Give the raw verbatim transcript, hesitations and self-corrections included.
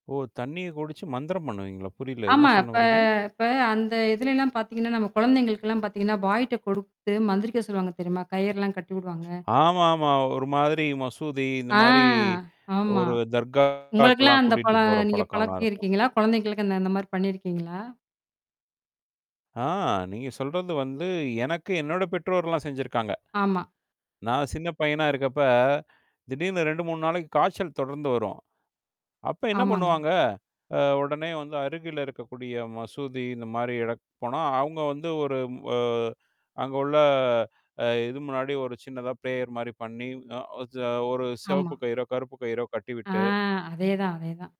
ஓ! தண்ணீய குடிச்சு மந்திரம் பண்ணுவீங்களா? புரியல! என்ன ஆமா இப்ப சொன்னவரீங்க? இப்ப அந்த இதுலலாம் பாத்தீங்கன்னா, நம்ம கொழந்தைகளுக்கெல்லாம் பாத்தீங்கன்னா பாய்ட்ட கொடுத்து மந்திரிக்க சொல்லுவாங்க தெரியுமா? கயிறலாம் கட்டி உடுவாங்க. ஆமா ஆமா. ஒரு மாதிரி மசூதி, இந்த ஆ மாரி ஆமா. ஒரு உங்களுக்கெல்லாம் தர்காக்கெல்லாம் அந்த கூட்டிட்டு பழ போற நீங்க பழக்கம்லாம் இருக்கும். பழக்கியிருக்கீங்களா, கொழந்தைங்களுக்கு அந்த அந்த மாரி பண்ணியிருக்கீங்களா? ஆ! நீங்க சொல்றது வந்து, எனக்கு, என்னோட பெற்றோர்றல்லாம் செஞ்சிருக்காங்க. ஆமா. நான் சின்ன பையனா இருக்கப்ப, திடீர்னு ரெண்டு, மூணு நாளைக்கு காய்ச்சல் தொடர்ந்து வரும். அப்போ என்னா ஆமாங்க. பண்ணுவாங்க, அ உடனே வந்து அருகில் இருக்கக்கூடிய மசூதி இந்த மாரி இடக்கு போனா, அவுங்க வந்து ஒரு ம் அ அங்க உள்ள அ அ இது முன்னாடி ஒரு சின்னதா பிரேயர் மாரி பண்ணி, அ ஒஜ ஒரு ஆமா. சிவப்பு கயிறோ, கருப்பு கயிறோ ஆ கட்டிவிட்டு அதேதான் அதேதான்.